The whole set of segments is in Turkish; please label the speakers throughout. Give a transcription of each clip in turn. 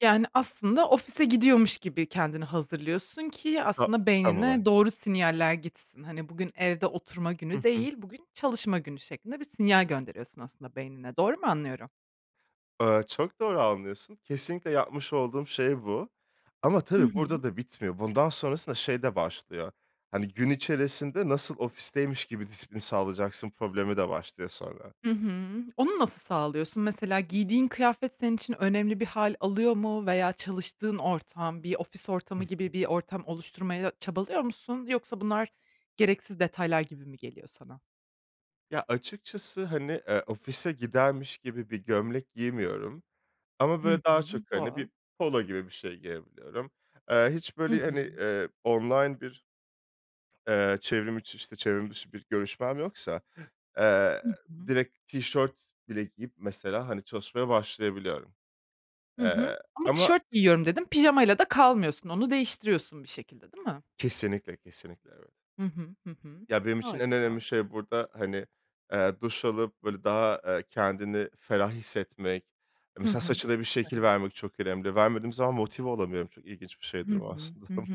Speaker 1: Yani, aslında ofise gidiyormuş gibi kendini hazırlıyorsun ki
Speaker 2: Ta
Speaker 1: aslında
Speaker 2: tam olarak.
Speaker 1: beynine doğru sinyaller gitsin. Hani, bugün evde oturma
Speaker 2: Hı
Speaker 1: günü
Speaker 2: hı.
Speaker 1: değil, bugün çalışma günü şeklinde bir sinyal gönderiyorsun aslında beynine. Doğru mu anlıyorum?
Speaker 2: Eee, çok doğru anlıyorsun. Kesinlikle yapmış olduğum şey bu. Ama
Speaker 1: Hı
Speaker 2: tabii
Speaker 1: hı.
Speaker 2: burada da bitmiyor. Bundan sonrasında şey de başlıyor, hani, gün içerisinde nasıl ofisteymiş gibi disiplin sağlayacaksın problemi de başlıyor sonra.
Speaker 1: Hı hı. Onu nasıl sağlıyorsun? Mesela giydiğin kıyafet senin için önemli bir hâl alıyor mu veya çalıştığın ortam, bir ofis
Speaker 2: Hı
Speaker 1: ortamı
Speaker 2: hı.
Speaker 1: gibi bir ortam oluşturmaya çabalıyor musun? Yoksa bunlar gereksiz detaylar gibi mi geliyor sana?
Speaker 2: Ya açıkçası, hani, eee, ofise gidermiş gibi bir gömlek giymiyorum ama
Speaker 1: Hı
Speaker 2: böyle
Speaker 1: hı..
Speaker 2: daha çok, hani, bir
Speaker 1: [unintelligible]
Speaker 2: polo gibi bir şey giyebiliyorum. Eee, hiç
Speaker 1: Hı
Speaker 2: böyle, hani,
Speaker 1: hı.
Speaker 2: eee, online bir, eee, çevrim içi, çevrim dışı bir görüşmem yoksa, eee,
Speaker 1: Hı hı.
Speaker 2: direkt tişört bile giyip mesela, hani, çalışmaya başlayabiliyorum.
Speaker 1: Hı hı.
Speaker 2: Eee,
Speaker 1: Ama
Speaker 2: ama
Speaker 1: tişört giyiyorum dedin, pijamayla da kalmıyorsun, onu değiştiriyorsun bir şekilde, değil mi?
Speaker 2: Kesinlikle, kesinlikle evet.
Speaker 1: Hı hı. Hı hı.
Speaker 2: Ya benim için en önemli
Speaker 1: Harika.
Speaker 2: şey burada, hani, eee, duş alıp böyle daha, eee, kendini ferah hissetmek,
Speaker 1: Hı
Speaker 2: mesela
Speaker 1: hı.
Speaker 2: saçına bir
Speaker 1: Çok
Speaker 2: şekil
Speaker 1: önemli.
Speaker 2: vermek çok önemli. Vermediğim zaman motive olamıyorum. Çok ilginç bir
Speaker 1: Hı
Speaker 2: şeydir bu
Speaker 1: hı.
Speaker 2: aslında.
Speaker 1: Hı hı.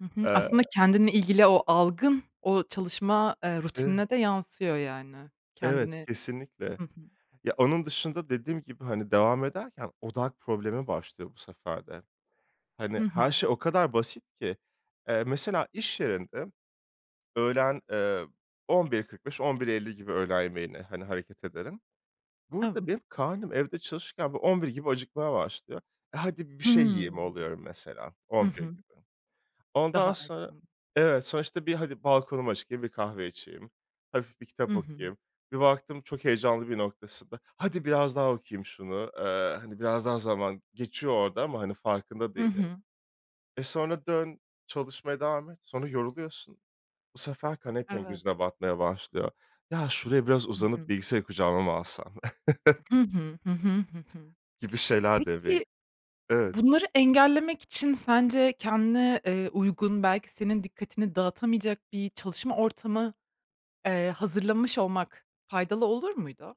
Speaker 1: Hı hı.
Speaker 2: Eee
Speaker 1: Aslında kendinle ilgili o algın, o çalışma, eee,
Speaker 2: [unintelligible]
Speaker 1: rutinine de yansıyor yani.
Speaker 2: Evet
Speaker 1: Kendini
Speaker 2: kesinlikle.
Speaker 1: Hı hı.
Speaker 2: Ya onun dışında dediğim gibi, hani, devam ederken odak problemi başlıyor bu sefer de. Hani,
Speaker 1: Hı hı.
Speaker 2: her şey o kadar basit ki. Eee, mesela iş yerinde; öğlen, eee, 11.45-11.50 gibi öğlen yemeğine, hani, hareket ederim. Burada
Speaker 1: Evet.
Speaker 2: benim karnım evde çalışırken böyle 11.00 gibi acıkmaya başlıyor. E hadi bir şey
Speaker 1: Hıı.
Speaker 2: yiyeyim oluyorum mesela
Speaker 1: Hı
Speaker 2: 11.00
Speaker 1: hı.
Speaker 2: gibi. Ondan
Speaker 1: Daha
Speaker 2: sonra,
Speaker 1: erken.
Speaker 2: evet sonuçta bir hadi balkonumu çıkayım, bir kahve içeyim, hafif bir
Speaker 1: Hı
Speaker 2: kitap
Speaker 1: hı.
Speaker 2: okuyayım. Bir baktım çok heyecanlı bir noktasında, hadi biraz daha okuyayım şunu, eee, hani, biraz daha zaman, geçiyor orada ama, hani, farkında
Speaker 1: Hı
Speaker 2: değilim.
Speaker 1: hı.
Speaker 2: E sonra dön çalışmaya devam et, sonra yoruluyorsun. Bu sefer kanepen
Speaker 1: Evet.
Speaker 2: gözüne batmaya başlıyor. Ya şuraya biraz
Speaker 1: Hı
Speaker 2: uzanıp
Speaker 1: hı.
Speaker 2: bilgisayarı kucağıma mı alsam
Speaker 1: Hı hı. Hı hı. Hı hı.
Speaker 2: gibi şeyler devreye
Speaker 1: Peki,
Speaker 2: Evet.
Speaker 1: bunları engellemek için sence kendine, eee, uygun, belki senin dikkatini dağıtamayacak bir çalışma ortamı, eee, hazırlamış olmak faydalı olur muydu?